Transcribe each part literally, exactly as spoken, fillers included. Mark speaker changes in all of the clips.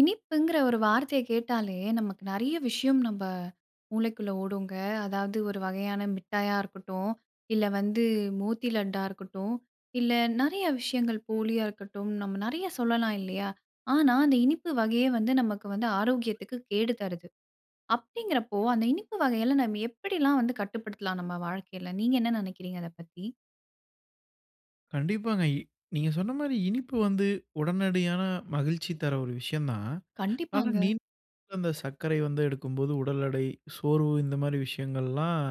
Speaker 1: இனிப்புங்குற ஒரு வார்த்தைய கேட்டாலே, நமக்கு நிறைய விஷயம் நம்ப மூளைக்குள்ள ஓடுங்க. அதாவது ஒரு வகையான மிட்டாயா இருக்கட்டும். இல்ல வந்து மோத்தி லட்டா இருக்கட்டும். இல்ல நிறைய விஷயங்கள் போலியா இருக்கட்டும். நம்ம நிறையா சொல்லலாம் இல்லையா? ஆனா, அந்த இனிப்பு வகையே வந்து, நமக்கு வந்து ஆரோக்கியத்துக்கு கேடுதருது. அப்படிங்குறப்போ, அந்த இனிப்பு வகைகள நம்ம எப்படிலாம் வந்து கட்டுப்படுத்தலாம்? நம்ம வாழ்க்கைல நீங்க என்ன நினைக்கிறீங்க? அத பத்தி.
Speaker 2: கண்டிப்பாங்க. இ நீங்க சொன்ன மாரி, இனிப்பு வந்து உடனடியான மகிழ்ச்சி தர ஒரு விஷயம் தான். ஆனா,
Speaker 1: கண்டிப்பாங்க.
Speaker 2: நீ அந்த சர்க்கரை வந்து எடுக்கும்போது உடல் எடை, சோர்வு, இந்த மாதிரி விஷயங்கள்லாம்,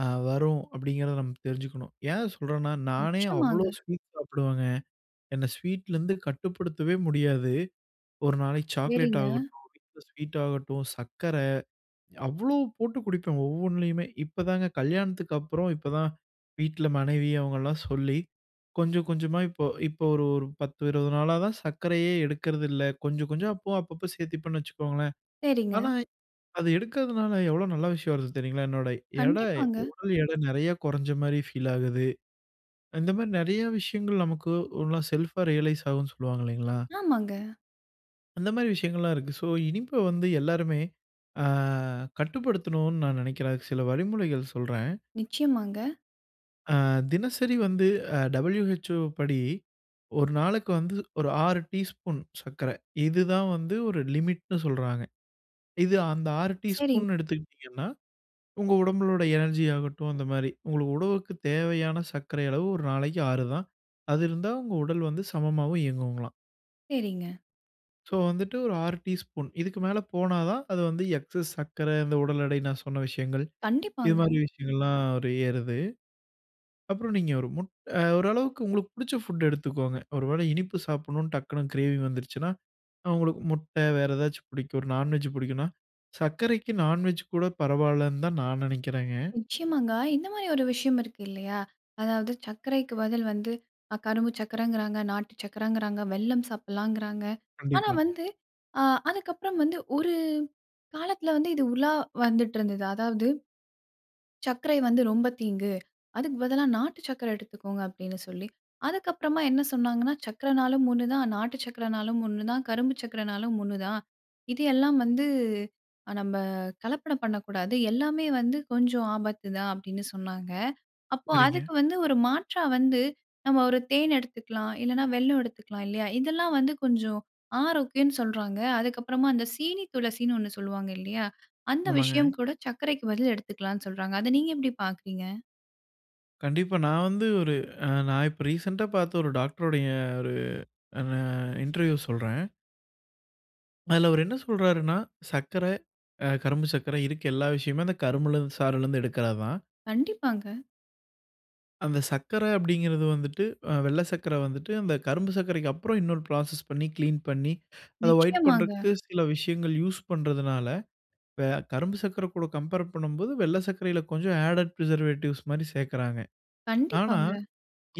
Speaker 2: அ வரும் அப்படிங்கிறத நம்ம தெரிஞ்சுக்கணும். ஏன் சொல்றேன்னா? நானே அவ்ளோ
Speaker 1: நிச்சயமாங்க.
Speaker 2: ஸ்வீட் சாப்பிடுவேங்க! என்ன ஸ்வீட்லருந்து கட்டுப்படுத்தவே முடியாது. ஒரு நாளைக்கு சாக்லேட்
Speaker 1: சரிங்க.
Speaker 2: ஆகட்டும், வீட்ல ஸ்வீட் ஆகட்டும், சர்க்கரை. அவ்வளோ போட்டு குடிப்பேன், ஒவ்வொன்லயுமே. இப்போதாங்க, கல்யாணத்துக்கப்புறம் இப்போ தான் வீட்ல மனைவி அவங்கல்லாம் சொல்லி கொஞ்சம் கொஞ்சமா இப்போ இப்போ ஒரு ஒரு பத்து இருவது நாளாதான் சர்க்கரையே எடுக்குறது இல்ல. கொஞ்சம் கொஞ்சம் அப்போ அப்பப்போ சேர்த்திப்பேன்னு வச்சுக்கோங்களேன்.
Speaker 1: சரிங்க.
Speaker 2: ஆனா, அது எடுக்கிறதுனால எவ்ளோ நல்ல விஷயம் வருது தெரியுங்களா? என்னோட எடை,
Speaker 1: கண்டிப்பாங்க.
Speaker 2: உடல் எடை, நிறைய குறைஞ்ச மாரி ஃபீல் ஆகுது. இந்த மாரி நிறைய விஷயங்கள் நமக்கு ஓனா செல்ப்‌ஆ ரியலைஸ் ஆகும்னு சொல்லுவாங்க இல்லைங்களா?
Speaker 1: ஆமாங்க.
Speaker 2: அந்த மாரி விஷயங்கங்கள்லாம் இருக்கு. சோ இனிப்ப வந்து எல்லோருமே அ கட்டுப்படுத்தனும்னு நான் நெனைக்கிறேன். அதுக்கு சில வழிமுறைகள் சொல்றேன்.
Speaker 1: நிச்சயமாங்க.
Speaker 2: ஆ, தினசரி வந்து அ WHO ப்படி, ஒரு நாளுக்கு வந்து ஒரு ஆறு டீஸ்பூன் சக்கர. இது தான் வந்து ஒரு லிமிட்ன்னு சொல்றாங்க. இது அந்த ஆறு
Speaker 1: சரி.
Speaker 2: டீஸ்பூன் எடுத்துக்கிட்டீங்கன்னா, உங்க உடம்புனுடைய எனர்ஜி ஆகட்டும் அந்த மாரி. உங்க உடலுக்கு தேவையான சக்கரை அளவு ஒரு நாளைக்கு ஆறு தான். அது இருந்தா உங்க உடல் வந்து சமமாவும் இயங்கும்ங்களாம்.
Speaker 1: சரிங்க.
Speaker 2: சோ வந்துட்டு ஒரு ஆறு டீஸ்பூன். இதுக்கு மேல போனாதான் அது வந்து எக்ஸஸ் சர்க்கர. இந்த உடல் எடை, நான் சொன்ன விஷயங்கள். இது
Speaker 1: கண்டிப்பாங்க.
Speaker 2: மாரி விஷயங்கள்லாம் ஒரு ஏறுது. அப்புறம் நீங்க ஒரு முட் அ ஓரளவுக்கு உங்களுக்கு புடிச்ச புட்ட எடுத்துக்கோங்க. ஒரு வேளை இனிப்பு சாப்பிடனுன்னு டக்குனு கிரேவிங் வந்துடுச்சுன்னா, அவுங்களுக்கு முட்டை வேறு ஏதாச்சும் பிடிக்கும். ஒரு நான் வெஜ் பிடிக்கும்ன்னா சர்க்கரைக்கு நான் வெஜ் கூட பரவாயில்லன்னுதான் நான் நெனைக்கிறேங்க.
Speaker 1: நிச்சயமாங்க. இந்த மாரி ஒரு விஷயம் இருக்கு இல்லையா? அதாவது சக்கரைக்கு பதில் வந்து, அ கரும்பு சக்கரைங்கிறாங்க, நாட்டு சக்கரங்கிறாங்க, வெல்லம் சாப்பிடலாங்கிறாங்க. ஆனா
Speaker 2: கண்டிப்பா.
Speaker 1: வந்து ஆ அதுக்கப்புறம் வந்து ஒரு காலத்தில வந்து இது உலா வந்திட்டிருந்தது. அதாவது, "சக்கரை வந்து ரொம்ப தீங்கு. அதுக்கு பதிலா நாட்டு சக்கரை எடுத்துக்கோங்க." அப்படின்னு சொல்லி. அதற்கப்புறமா என்ன சொன்னாங்கன்னா "சக்கரன்னாலும் ஒண்ணுதான், நாட்டு சக்கரைன்னாலும் ஒண்ணுதான், கரும்பு சக்கரைன்னாலும் ஒண்ணுதான். இது எல்லாம் வந்து அ நம்ப கலப்படம் பண்ணக்கூடாது. எல்லாமே வந்து கொஞ்சம் ஆபத்து தான்" அப்பிடின்னு சொன்னாங்க. அப்போ
Speaker 2: சரிங்க.
Speaker 1: அதுக்கு வந்து ஒரு மாற்றா வந்து நம்ம ஒரு தேன் எடுத்துக்கலாம், இல்லன்னா வெல்லம் எடுத்துக்கலாம், இல்லையா? இதெல்லாம் வந்து கொஞ்சம் ஆரோக்கியம்ன்னு சொல்றாங்க. அதற்கப்புறமா அந்த சீனி துளசின்னு ஒண்ணு சொல்வாங்க, இல்லையா? அந்த
Speaker 2: ஆமாங்க.
Speaker 1: விஷயம் கூட சர்க்கரைக்கு பதில் எடுத்துக்கலாம்ன்னு சொல்றாங்க. அத நீங்க எப்படி பாக்குறீங்க?
Speaker 2: கண்டிப்பா. நா வந்து ஒரு ஆ நா இப்ப ரீசென்ட்டா பாத்த ஒரு டாக்ட்ருடைய ஒரு ந இன்டர்வியூ சொல்றேன். அதுல அவர் என்ன சொல்றாருனா சக்கர, அ கரும்பு சக்கர இருக்க எல்லா விஷயமே அந்த கரும்புல இருந்து சாறுல இருந்து எடுக்குறதுதான்.
Speaker 1: கண்டிப்பாங்க.
Speaker 2: அந்த சக்கர அப்டிங்கிறது வந்துட்டு அ வெள்ள சக்கர வந்துட்டு, அந்த கரும்பு சக்கரைக்கு அப்பறம் இன்னொரு ஃப்ராசஸ் பண்ணி க்ளீன் பண்ணி, அத வொய்ட்
Speaker 1: நிச்சியமாங்க.
Speaker 2: பண்றக்கு சில விஷயங்கள் யூஸ் பண்றதுனால, வே கரும்பு சக்கர கூட கம்பேர் பண்ணும்போது, வெள்ள சக்கரையில கொஞ்சம் ஆடட் பிரிசர்வேட்டிவ்ஸ் மாரி சேக்குறாங்க. ஆனா
Speaker 1: கண்டிப்பாங்க.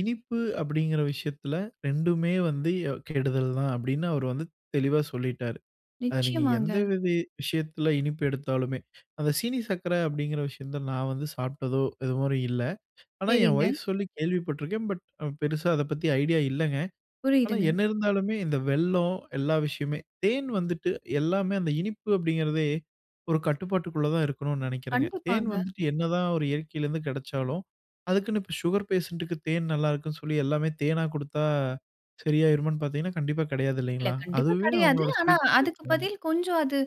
Speaker 2: இனிப்பு அப்டிங்கிற விஷயத்துல 2மே வந்து எ கெடுதல் தான், அப்டின்னு அவரு வந்து தெளிவா சொல்லீட்டாரு. அத நீங்க எந்த
Speaker 1: நிச்சியமாங்க.
Speaker 2: வித விஷயத்தில இனிப்பு எடுத்தாலுமே. அந்த சீனி சக்கர அப்டிங்கிற விஷயத்த நான் வந்து சாப்பிட்டதோ! இது வர இல்ல. ஆனா ஏ
Speaker 1: சரிங்க.
Speaker 2: வொய்ஃப் சொல்லி கேள்விப்பட்ருக்கேன். பட் பெருசா அத பத்தி ஐடியா இல்லங்க. ஆனா
Speaker 1: புரியிதுங்க.
Speaker 2: என்ன இருந்தாலுமே இந்த வெள்ளோம் எல்லா விஷயமே! தேன் வந்துட்டு எல்லாமே அந்த இனிப்பு அப்டிங்கிறதே ஒரு கட்டுப்பாட்டுக்குள்ள தா இருக்கனும்னு நெனைக்கிறேங்க. தேன்
Speaker 1: கண்டிப்பாங்க.
Speaker 2: வந்துட்டு என்னதா ஒரு இயற்கையில இருந்து கெடச்சாலும் அதுக்குனு இப்போ சுகர் பேஷன்ட்‌க்கு தேன் நல்லாருக்குன் சொல்லி எல்லாமே தேனா குடுத்தா சரியாயிருமான்னு பார்த்தீங்கனா, கண்டிப்பா
Speaker 1: இல்ல
Speaker 2: கெடையாதுல்லிங்களா?
Speaker 1: கண்டிப்பா
Speaker 2: அதுவே
Speaker 1: கெடயாது.
Speaker 2: அவங்களோட
Speaker 1: ஆனா
Speaker 2: ஸ்வீட்
Speaker 1: அதுக்கு
Speaker 2: டேஸ்ட்மாரி
Speaker 1: பதில் கொஞ்சம் அது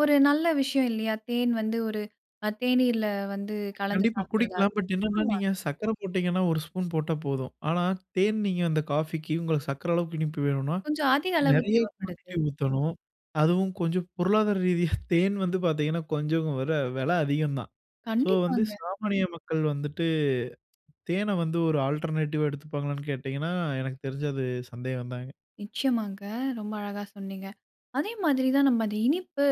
Speaker 1: ஒரு நல்ல விஷயம் இல்லையா? தேன் வந்து ஒரு அ தேனீர்ல வந்து கலந்து
Speaker 2: கண்டிப்பா
Speaker 1: சாப்டுறதா
Speaker 2: குடிக்கலாம்.
Speaker 1: இருக்கும்.
Speaker 2: பட் என்னன்னா நீங்க
Speaker 1: ஆமாங்க.
Speaker 2: சக்கர போட்டீங்கன்னா ஒரு ஸ்பூன் போட்டா போதும். ஆனா தேன் நீங்க அந்த காஃபிக்கு உங்க சக்கர அளவுக்கு இனிப்பு வேணும்னா
Speaker 1: கொஞ்சம் அதிக அளவு
Speaker 2: நெறய
Speaker 1: தேவப்படுது.
Speaker 2: குவாண்டிட்டி ஊத்தணும். அதுவும் கொஞ்சம் பொருளாதார ரீதியா தேன் வந்து பாத்தீங்ன்னா, கொஞ்சம் வெல வெல அதிகந்தான். ஸோ வந்து
Speaker 1: கண்டிப்பாங்க.
Speaker 2: சாமானிய மக்கள் வந்துட்டு தேன வந்து ஒரு ஆல்ட்ர்னேட்டிவா எடுத்துப்பாங்களான்னு கேட்டீங்கன்னா? எனக்கு தெரிஞ்சு அது சந்தேகந்தாங்க.
Speaker 1: நிச்சியமாங்க. ரொம்ப அழகா சொன்னீங்க. அதே மாதிரி தான் நம்ம அந்த இனிப்பு.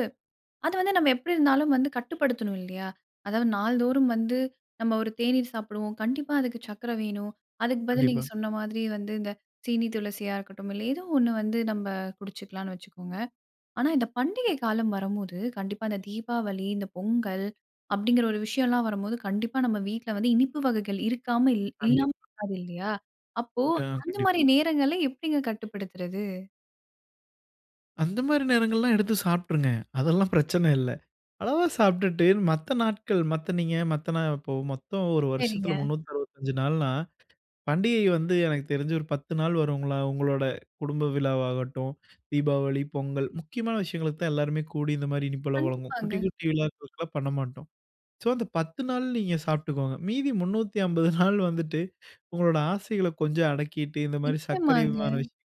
Speaker 1: அது வந்து நம்ம எப்டி இருந்தாலும் வந்து கட்டுப்படுத்தணும் இல்லியா? அதாது நாள்தோறும் வந்து, நம்ம ஒரு தேநீர் சாப்டுவோம், கண்டிப்பா அதுக்கு சக்கர வேணும், அதுக்கு பதில்
Speaker 2: கண்டிப்பா.
Speaker 1: நீங்க சொன்ன மாதிரி வந்து இந்த சீனி துளசியா இருக்கட்டும், இல்ல ஏதோ ஒன்னு வந்து நம்ம குடிச்சுக்கலான்னு வச்சுக்கோங்க. ஆனா இந்த பண்டிகை காலம் வரும்போது, கண்டிப்பா இந்த தீபாவளி இந்த பொங்கல் அப்டிங்கிற ஒரு விஷயோலாம் வரும்போது, கண்டிப்பா நம்ம வீட்ல வந்து இனிப்பு வகைகள் இருக்காம, இல்
Speaker 2: கண்டிப்
Speaker 1: இல்லாமல் இருக்காது இல்லையா? அப்போ
Speaker 2: க
Speaker 1: அந்த
Speaker 2: கண்டிப்
Speaker 1: மாரி நேரங்கள்ள எப்டிங்க கட்டுப்படுத்துறது?
Speaker 2: அந்த மாதிரி நேரங்கள்லாம் எடுத்து சாப்பிட்டுருங்க. அதெல்லாம் பிரச்சனை இல்ல. அளவா சாப்பிட்டுட்டு, மத்த நாட்கள் மத்த நீங்க மத்த நாள் இப்போ மொத்தம் ஒரு
Speaker 1: சரிங்க.
Speaker 2: வருஷத்துல முன்னூத்து அறுபத்தஞ்சு நாள்னா, பண்டிகை வந்து எனக்கு தெரிஞ்சு ஒரு பத்து நாள் வருங்களா. உங்களோட குடும்ப விழாவாகட்டும், தீபாவளி, பொங்கல் முக்கியமான விஷயங்களுக்கு தான் எல்லோருமே கூடி இந்த மாரி இனிப்பல்லாம் வழங்குவோம்.
Speaker 1: கண்டிப்பாங்க.
Speaker 2: குட்டி, குட்டி விழாக்களுக்கலாம் பண்ண மாட்டோம். ஸோ அந்த பத்து நாள் நீங்க சாப்பிட்டுக்கோங்க. மீதி முன்னூத்தி அம்பது நாள் வந்துட்டு உங்களோட ஆசைகள்ல கொஞ்சம் அடக்கிட்டு, இந்த மாரி சர்க்கரை
Speaker 1: நிச்சயமாங்க.
Speaker 2: அபிமான விஷயங்கள்,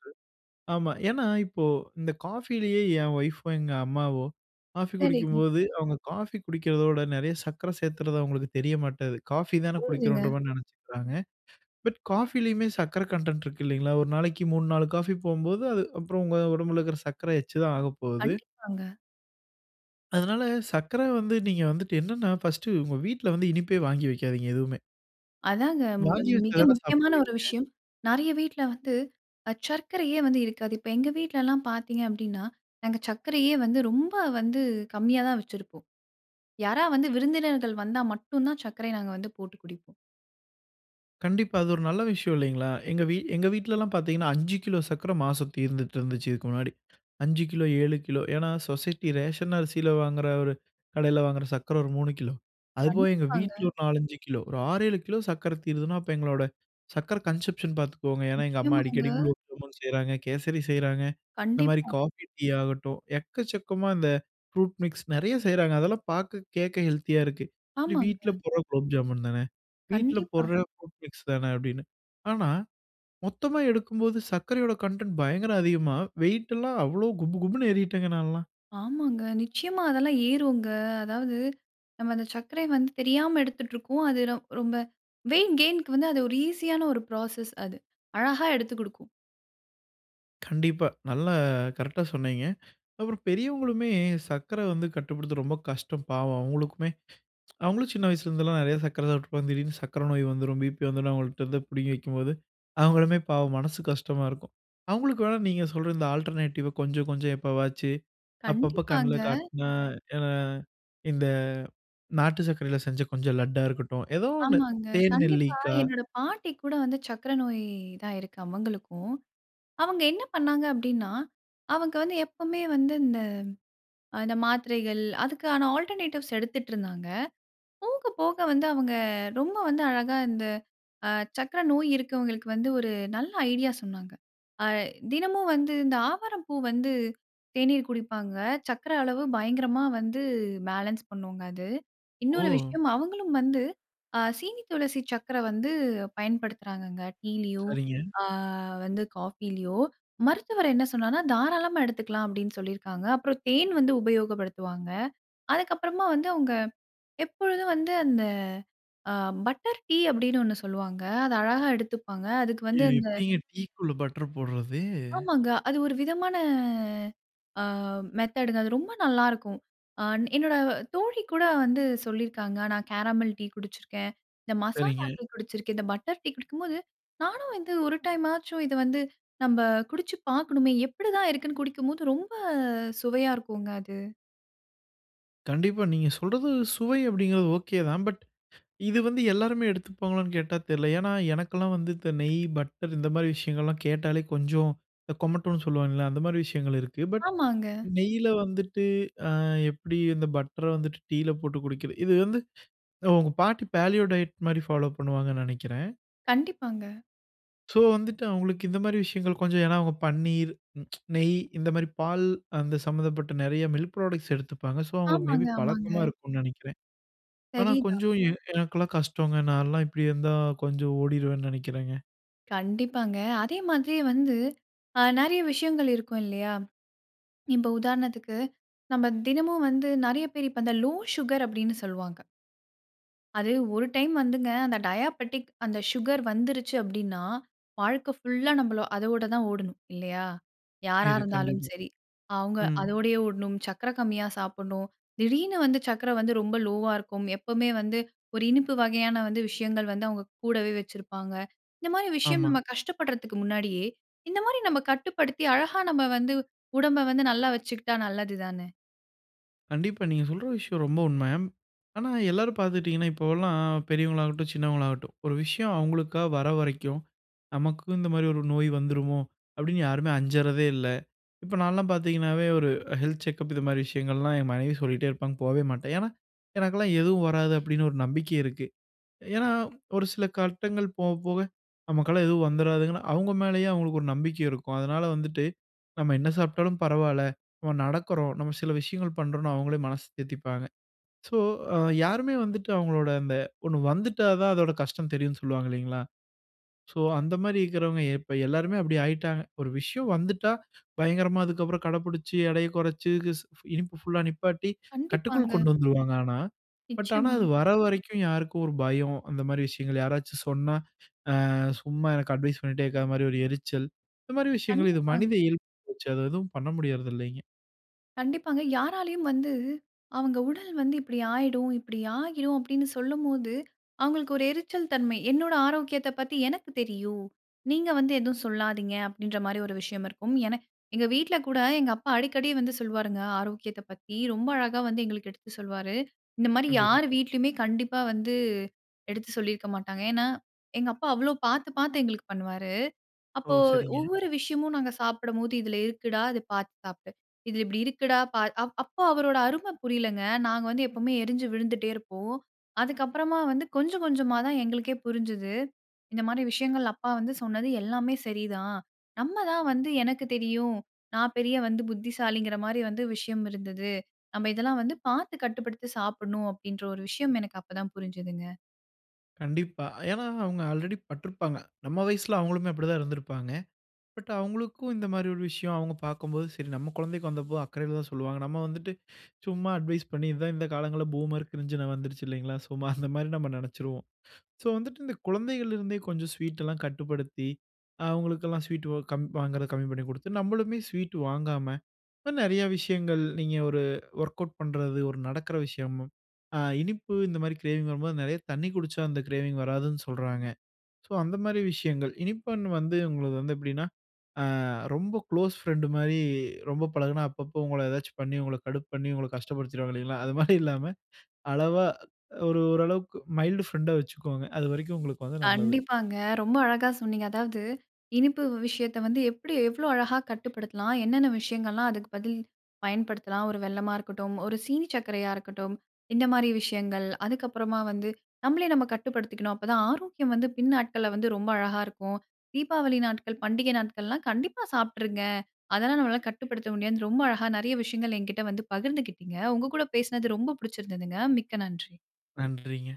Speaker 2: ஆமா. ஏன்னா, இப்போ இந்த காஃபிலேயே என் ஒய்ஃபோ, எங்க அம்மாவோ காஃபி
Speaker 1: சரிங்க.
Speaker 2: குடிக்கும்போது அவங்க காஃபி குடிக்கிறதோட, நிறைய சர்க்கரை சேர்த்துறது அவங்களுக்கு தெரிய மாட்டது. காஃபி தானே
Speaker 1: புரியுதுங்க.
Speaker 2: குடிக்கிறோம்ன்ற மாதிரி நினைச்சிக்கிறாங்க. பட் காஃபிலயுமே சர்க்கரை கன்டென்ட் இருக்கு இல்லங்களா. ஒரு நாளைக்கு மூணு, நாலு காஃபி போம்போது, அது அப்புறம் உங்க உடம்புல இருக்கிற சர்க்கரை எக்ஸ்ட்ரா தான் ஆகப்போகுது.
Speaker 1: கண்டிப்பாங்க.
Speaker 2: அதுனால, சர்க்கர வந்து நீங்க வந்துட்டு என்னென்னா, ஃபர்ஸ்ட் உங்க வீட்ல வந்து இனிப்பே வாங்கி வைக்காதீங்க எதுவுமே.
Speaker 1: அதாங்க ம்
Speaker 2: வாங்கி வச்சா
Speaker 1: மிக
Speaker 2: தானே
Speaker 1: முக்கியமான
Speaker 2: சாப்பிடுவீங்க.
Speaker 1: ஒரு விஷயம். நெறைய வீட்ல வந்து, அ சர்க்கரையே வந்து இருக்காது. இப்ப எங்க வீட்லல்லாம் பாத்தீங்க அப்படின்னா, நாங்க சர்க்கரையே வந்து ரொம்ப வந்து கம்மியா தான் வைச்சிருப்போம். யாராவது வந்து விருந்தினர்கள் வந்தா மட்டும் தான் சர்க்கரைய நாங்க வந்து போட்டு குடிப்போம்.
Speaker 2: கண்டிப்பா, அது ஒரு நல்ல விஷயம் இல்லைங்களா? எங்க வீ எங்க வீட்லலாம் பார்த்தீங்கன்னா, அஞ்சு கிலோ சர்க்கரை மாசம் தீர்ந்துட்டுருந்துச்சு இதுக்கு முன்னாடி. அஞ்சு கிலோ, ஏழு கிலோ, ஏன்னா? சொசைட்டி ரேஷன் அரிசில வாங்குற ஒரு கடையில வாங்குற சர்க்கரை ஒரு மூணு கிலோ, அதுபோக எங்க
Speaker 1: கண்டிப்பாங்க.
Speaker 2: வீட்ல ஒரு நாலஞ்சு கிலோ, ஒரு ஆறேழு கிலோ சர்க்கரை தீருதுன்னனா, அப்ப எங்களோட சர்க்கரை கன்சம்ப்ஷன் பாத்துக்கோங்க. ஏன்னா, எங்க அம்மா
Speaker 1: நிச்சயமாங்க.
Speaker 2: அடிக்கடி குலோப்ஜாமுன் செய்றாங்க, கேசரி செய்றாங்க, இந்த மாரி
Speaker 1: கண்டிப்பா.
Speaker 2: காஃபி, டீ, ஆகட்டும் எக்கச்சக்கமா இந்த ஃப்ரூட் மிக்ஸ், நறையா செய்றாங்க. அதெல்லாம் பாக்க கேக்க ஹெல்த்தியா இருக்கு. சரி வீட்ல
Speaker 1: ஆமாங்க.
Speaker 2: போடுற குலோப்ஜாமுன் தான, வீட்ல
Speaker 1: கண்டிப்பா.
Speaker 2: போடுற ஃப்ரூட் மிக்ஸ் தான அப்டின்னு. ஆனா, மொத்தமா எடுக்கும்போது சர்க்கரையோட கன்டென்ட் பயங்கர அதிகமா, வெயிட்டெல்லாம் அவ்வளோ குபுகுபுன்னு ஏறிட்டேங்க நான்லாம்.
Speaker 1: ஆமாங்க. நிச்சியமா அதெல்லாம் ஏறுங்க. அதாவது, நம்ம அந்த சர்க்கரைய வந்து தெரியாம எடுத்துட்ருக்கோம். அது ரொ ரொம்ப வெய்ட் கெய்ன்‌க்கு வந்து, அது ஒரு ஈசியான ஒரு புரோசஸ் அது. அழகா எடுத்து குடுக்கும்.
Speaker 2: கண்டிப்பா. நல்ல கரெக்ட்டா சொன்னீங்க. அப்புறம் பெரியவங்களுமே, சர்க்கரை வந்து கட்டுப்படுத்த ரொம்ப கஷ்டம் பாவம். அவங்களுக்குமே அவங்களும் சின்ன வயசுல இருந்துலாம் நறைய சர்க்கரை சாப்பிட்டுருப்பாங்க, திடீர்ன்னு சர்க்கரை நோய் வந்துரும், பிபி வந்துரும். அவங்கள்ட்ட இருந்து பிடுங்கி வைக்கும்போது, அவங்களுமே பாவம் மனசு கஷ்டமா இருக்கும். அவங்களுக்கு வேணா நீங்க சொல்ற இந்த ஆல்டர்நேட்டிவ்‌வ கொஞ்சம் கொஞ்சம் எப்பவாச்சு, அப்பப்ப கண்ல
Speaker 1: கண்டிப்பாங்க.
Speaker 2: காட்டுனா, ஏனா இந்த நாட்டு சர்க்கரையில செஞ்ச கொஞ்சம் லட்டா இருக்கட்டும். ஏதோ ஒன்னு
Speaker 1: ஆமாங்க.
Speaker 2: தேன்
Speaker 1: கண்டிப்பா
Speaker 2: நெல்லிக்கா.
Speaker 1: என்னோட பாட்டிக்குகூட வந்து சர்க்கரை நோய் தான் இருக்கு, அவங்களுக்கும். அவங்க என்ன பண்ணாங்க அப்டின்னா? அவங்க வந்து எப்பமே வந்து இந்த அ இந்த மாத்திரைகள், அதுக்கான ஆல்டர்நேட்டிவ்ஸ் எடுத்துட்டு இருந்தாங்க. போக போக வந்து அவங்க ரொம்ப வந்து அழகா இந்த அ சர்க்கரை நோய் இருக்கவங்களுக்கு வந்து ஒரு நல்ல ஐடியா சொன்னாங்க. ஆ தினமும் வந்து, இந்த ஆவாரம் பூ வந்து, தேநீர் குடிப்பாங்க. சர்க்கரை அளவு பயங்கரமா வந்து பேலன்ஸ் பண்ணுங்க அது. இன்னொரு
Speaker 2: ஓ!
Speaker 1: விஷயம், அவங்களும் வந்து அ சீனி துளசி சர்க்கரை வந்து, பயன்படுத்துறாங்கங்க டீலயும்,
Speaker 2: சரிங்க.
Speaker 1: அ வந்து காஃபிலயோ. மருத்துவர் என்ன சொன்னார்னா? "தாராளமா எடுத்துக்கலாம்" அப்டின்னு சொல்லிருக்காங்க. அப்புறம் தேன் வந்து உபயோகப்படுத்துவாங்க. அதுக்குகப்பறமா வந்து, அவங்க எப்பொழுதும் வந்து, அந்த அ பட்டர் டீ அப்டின்னு ஒன்னு சொல்லுவாங்க. அத அழகா எடுத்துப்பாங்க. அதுக்கு
Speaker 2: எ
Speaker 1: வந்து அந்த
Speaker 2: எப்டிங்க, டீக்குள்ள பட்டர் போடுறது?
Speaker 1: ஆமாங்க. அது ஒரு விதமான அ மெத்தடுங்க அது ரொம்ப நல்லாருக்கும். ஆன் என்னோட தோழி கூட வந்து சொல்லிருக்காங்க. நான் கேரமல் டீ குடிச்சிருக்கேன். இந்த மசாலா
Speaker 2: சரிங்க.
Speaker 1: டீ குடிச்சிருக்கேன். இந்த பட்டர் டீ குடிக்கும்போது நானும் வந்து ஒரு டைமாச்சும் இத வந்து நம்ப குடிச்சு பாக்கணுமே! எப்டிதான் இருக்குன்னு குடிக்கும்போது ரொம்ப சுவையா இருக்குங்க, அது.
Speaker 2: கண்டிப்பா. நீங்க சொல்றது சுவை அப்படிங்கிறது ஓகே தான். பட் இது வந்து எல்லாருமே எடுத்துப்பாங்களான்னு கேட்டா? தெர்ல. ஏன்னா எனக்குலாம் வந்து இந்த நெய், பட்டர் இந்த மாதிரி விஷயங்கள்லாம் கேட்டாலே கொஞ்சம் இந்த கொமட்டுனு சொல்லுவாங்கல்ல, அந்த மாரி விஷயங்கள் இருக்கு. பட்
Speaker 1: ஆமாங்க.
Speaker 2: நெய்யில வந்துட்டு அ எப்படி இந்த பட்ர வந்துட்டு டீயில போட்டு குடிக்கிறது, இது வந்து உங்க பாட்டி பேலியோ டயட் மாரி ஃபாலோ பண்ணுவாங்கன்னு நெனக்கிறேன்.
Speaker 1: கண்டிப்பாங்க.
Speaker 2: சோ வந்துட்டு அவுங்களுக்கு இந்த மாரி விஷயங்கள், கொஞ்சம் ஏன்னா அவுங்க பன்னீர், நெய் இந்த மாரி பால் அந்த சம்மந்தப்பட்ட நெறைய மில்க் பிராடக்ட்ஸ் எடுத்துப்பாங்க. சோ அவுங்களுக்கு மேபி
Speaker 1: ஆமாங்க,
Speaker 2: பழக்கமா
Speaker 1: ஆமாங்க.
Speaker 2: இருக்கும்னு நினைக்கிறேன். ஆனா
Speaker 1: சரிதான்.
Speaker 2: கொஞ்சம் எ எனக்கெல்லாம் கஷ்டோங்க. நான்லாம் இப்படி இருந்தா கொஞ்சம் ஓடிருவேன்னு நினைக்கிறேங்க.
Speaker 1: கண்டிப்பாங்க. அதே மாதிரியே வந்து, அ நெறைய விஷயங்கள் இருக்கும் இல்லையா? இப்ப உதாரணத்துக்கு, நம்ம தினமும் வந்து நெறைய பேர் இப்ப இந்த லோ சுகர்" அப்டின்னு சொல்லுவாங்க. அது ஒரு டைம் வந்துங்க அந்த டயாபெட்டிக் அந்த ஷுகர் வந்துருச்சு அப்டினா, வாழ்க்க ஃபுல்லா நம்மள அதோட தான் ஓடணும். இல்லையா? யாரா
Speaker 2: இது
Speaker 1: இருந்தாலும்
Speaker 2: கண்டிப்பா.
Speaker 1: சரி. அவுங்க
Speaker 2: ம்.
Speaker 1: அதோடையே ஓடணும், சக்கர கம்மியா சாப்பிடணும். திடீர்னு வந்து சக்கர வந்து ரொம்ப லோவ்‌வா இருக்கும். எப்பவுமே வந்து, ஒரு இனிப்பு வகையான வந்து விஷயங்கள் வந்து அவுங்க கூடவே வச்சிருப்பாங்க. இந்த மாரி விஷயம்
Speaker 2: ஆமா.
Speaker 1: நம்ம கஷ்டப்படுறதுக்கு முன்னாடியே, இந்த மாரி நம்ம கட்டுப்படுத்தி, அழகா நம்ம வந்து உடம்ப வந்து நல்லா வச்சுக்கிட்டா நல்லது தானே!
Speaker 2: கண்டிப்பா, நீங்க சொல்ற விஷயம் ரொம்ப உண்மை. ஆனா எல்லாரும் பார்த்துட்டீங்கன்னா, இப்போல்லாம் பெரியவங்களாகட்டும், சின்னவங்களாகட்டும் ஒரு விஷயம் அவங்களுக்கா வர வரைக்கும், "நமக்கும் இந்த மாரி ஒரு நோய் வந்துருமோ?" அப்படீன்னு யாருமே அஞ்சறதே இல்லை. இப்ப நான்லாம் பார்த்தீங்கன்னாவே, ஒரு 'ஹெல்த் செக்கப்' இது மாரி விஷயங்கள்லாம் என் மனைவி சொல்லிட்டே இருப்பாங்க, போவே மாட்டேன். ஏன்னா, "எனக்கெல்லாம் எதுவும் வராது" அப்படீன்னு ஒரு நம்பிக்கையிருக்கு. ஏன்னா ஒரு சில கட்டங்கள் போவ போவ நமக்கெல்லாம் எதுவும் வந்துராதுன்னு, அவங்க மேலயே அவங்களுக்கு ஒரு நம்பிக்கை இருக்கும். அதனால வந்துட்டு, நம்ம என்ன சாப்பிட்டாலும் பரவால்லை, நம்ம நடக்குறோம், நம்ம சில விஷயங்கள் பண்ணுறோம்ன்னு அவங்களே மனசு தேத்திப்பாங்க. சோ, யாருமே வந்துட்டு அவங்களோட அந்த ஒண்ணு வந்துட்டா தான் அதோடா கஷ்டம் தெரியும்ன்னு சொல்லுவாங்க இல்லைங்களா? சோ, அந்த மாரி இருக்கிறவங்க இப்ப எல்லாருமே அப்படி ஆயிட்டாங்க. ஒரு விசயம் வந்துட்டா பயங்கரமா அதுக்கப்புறம் கடைப்புடிச்சு, எடையை குறைச்சு, க்ஸ் இனிப்பு ஃபுல்‌லா நிப்பாட்டி, கட்டுக்குள்
Speaker 1: கண்டிப்பாங்க.
Speaker 2: கொண்டு வந்துருவாங்க ஆனா. பட் ஆனா,
Speaker 1: நிச்சயமா.
Speaker 2: அது வர வரைக்கும் யாருக்கும் ஒரு பயம், அந்த மாரி விஷயங்கள் யாராச்சும் சொன்னா, "அ சும்மா எனக்கு அட்வைஸ் பண்ணிட்டே இருக்காத" மாரி ஒரு எரிச்சல். இந்த மாரி விஷயங்கள் இது மனித
Speaker 1: கண்டிப்பாங்க.
Speaker 2: இயல்பாகிப்போச்சு. அது எதுவும் பண்ண முடியறதில்லைங்க.
Speaker 1: கண்டிப்பாங்க. யாராலயும் வந்து, "அவங்க உடல் வந்து இப்படி ஆயிடும் இப்படி ஆகிடும்" அப்படீன்னு சொல்லும்போது, அவங்களுக்கு ஒரு எரிச்சல் தன்மை, "என்னோட ஆரோக்கியத்தை பத்தி எனக்கு தெரியும். நீங்க வந்து எதுவும் சொல்லாதீங்க" அப்படீன்ற மாரி ஒரு விஷயம் இருக்கும். என எங்க வீட்ல கூட எங்க அப்பா அடிக்கடி வந்து சொல்வாருங்க ஆரோக்கியத்தை பத்தி. ரொம்ப அழகா வந்து எங்களுக்கு எடுத்து சொல்வாரு. இந்த மாரி
Speaker 2: கண்டிப்பா.
Speaker 1: யார் வீட்லயுமே கண்டிப்பா வந்து எடுத்து சொல்லியிருக்க மாட்டாங்க. ஏன்னா, எங்க அப்பா அவ்வளவு பார்த்து பார்த்து எங்களுக்கு பண்ணுவாரு.
Speaker 2: ஓ!
Speaker 1: அப்போ
Speaker 2: சரிங்க.
Speaker 1: ஒவ்வொரு விஷயமும் நாங்க சாப்பிடும்போது, "இதுல இருக்குடா. இதை பார்த்து சாப்பிடு. இது இப்படி இருக்குடா பார்". அ அப்போ அவரோட அருமை புரியலைங்க. நாங்க வந்து எப்பவுமே எரிஞ்சு விழுந்துட்டே இருப்போம். அதுக்கப்பறமா வந்து கொஞ்சம் கொஞ்சமா தான் எங்களுக்கே புரிஞ்சது, "இந்த மாரி விஷயங்கள் அப்பா வந்து சொன்னது எல்லாமே சரிதான். நம்ம தான் வந்து எனக்குத் தெரியும், நான் பெரிய வந்து புத்திசாலிங்கிற மாரி வந்து விஷயம் இருந்தது. நம்ம இதெல்லாம் வந்து பார்த்து கட்டுப்படுத்தி சாப்பிடணும்." அப்படீன்ற ஒரு விஷயம் எனக்கு அப்ப தான் புரிஞ்சுதுங்க.
Speaker 2: கண்டிப்பா. ஏன்னா, அவங்க ஆல்ரெடி பட்ருப்பாங்க. நம்ம வயசுல அவங்களுமே அப்டிதான் இருந்துருப்பாங்க. பட் அவங்களுக்கும் இந்த மாதிரி ஒரு விஷயம் அவங்க பாக்கும்போது சரி, நம்ம கொழந்தைக்கு வந்தப்போ அக்கறையில தான் சொல்லுவாங்க. நம்ம வந்துட்டு சும்மா அட்வைஸ் பண்ணி, இதான் இந்த காலங்கள்ல பூமர், கிரிஞ்சுனு வந்துருச்சு இல்லைங்களா? சும்மா அந்த மாதிரி நம்ம நெனச்சுருவோம். ஸோ வந்துட்டு இந்த குழந்தைகள்லருந்தே கொஞ்சம் ஸ்வீட்லாம் கட்டுப்படுத்தி, அவங்களுக்கெல்லாம் ஸ்வீட் வ் கம் வாங்குறது கம்மி பண்ணி குடுத்து. நம்மளுமே ஸ்வீட் வாங்காம, நெறய விஷயங்கள் நீங்க ஒரு ஒர்கவுட் பண்றது, ஒரு நடக்குற விஷயம், அ இனிப்பு இந்த மாதிரி க்ரேவிங் வரும்போது நெறைய தண்ணீ குடிச்சா அந்த க்ரேவிங் வராதுன்னு சொல்றாங்க. ஸோ அந்த மாதிரி விஷயங்கள் இனிப்பன் வந்து உங்களுக்கு வந்து எப்டின்னா அ ரொம்ப க்ளோஸ் ஃப்ரெண்டு மாதிரி ரொம்ப பழகுனா, அப்பப்போ உங்கள ஏதாச்சும் பண்ணி உங்கள கடுப்பு பண்ணி உங்கள கஷ்டப்படுத்திருவாங்க இல்லைங்களா? அது மாதிரி இல்லாம அளவா ஒரு ஓரளவுக்கு மைல்டு ஃப்ரெண்டா வச்சுக்கோங்க. அது வரைக்கும் உங்களுக்கு வந்து நல்லது.
Speaker 1: கண்டிப்பாங்க. ரொம்ப அழகா சொன்னீங்க. அதாவது இனிப்பு வ் விஷயத்த வந்து எப்டி எவ்ளோ அழகா கட்டுப்படுத்தலாம்? என்னென்ன விஷயங்கள்லாம் அதுக்கு பதில் பயன்படுத்தலாம்? ஒரு வெல்லமா இருக்கட்டும், ஒரு சீனி சக்கரையா இருக்கட்டும். இந்த மாதிரி விஷயங்கள், அதுக்கப்பறமா வந்து நம்மளே நம்ம கட்டுப்படுத்திக்கணும், அப்பதான் ஆரோக்கியம் வந்து பின் நாட்கள்ல வந்து ரொம்ப அழகா இருக்கும். தீபாவளி நாட்கள், பண்டிகை நாட்கள்லாம் கண்டிப்பா சாப்ட்டுருங்க. அதல்லா நம்மளால கட்டுப்படுத்த முடியாதுனு, ரொம்ப அழகா நெறய விஷயங்கள் என்கிட்ட வந்து பகிர்ந்துக்கிட்டீங்க. உங்க கூட பேசுனது ரொம்ப புடிச்சுருந்ததுங்க. மிக்க நன்றி.
Speaker 2: நன்றிங்க.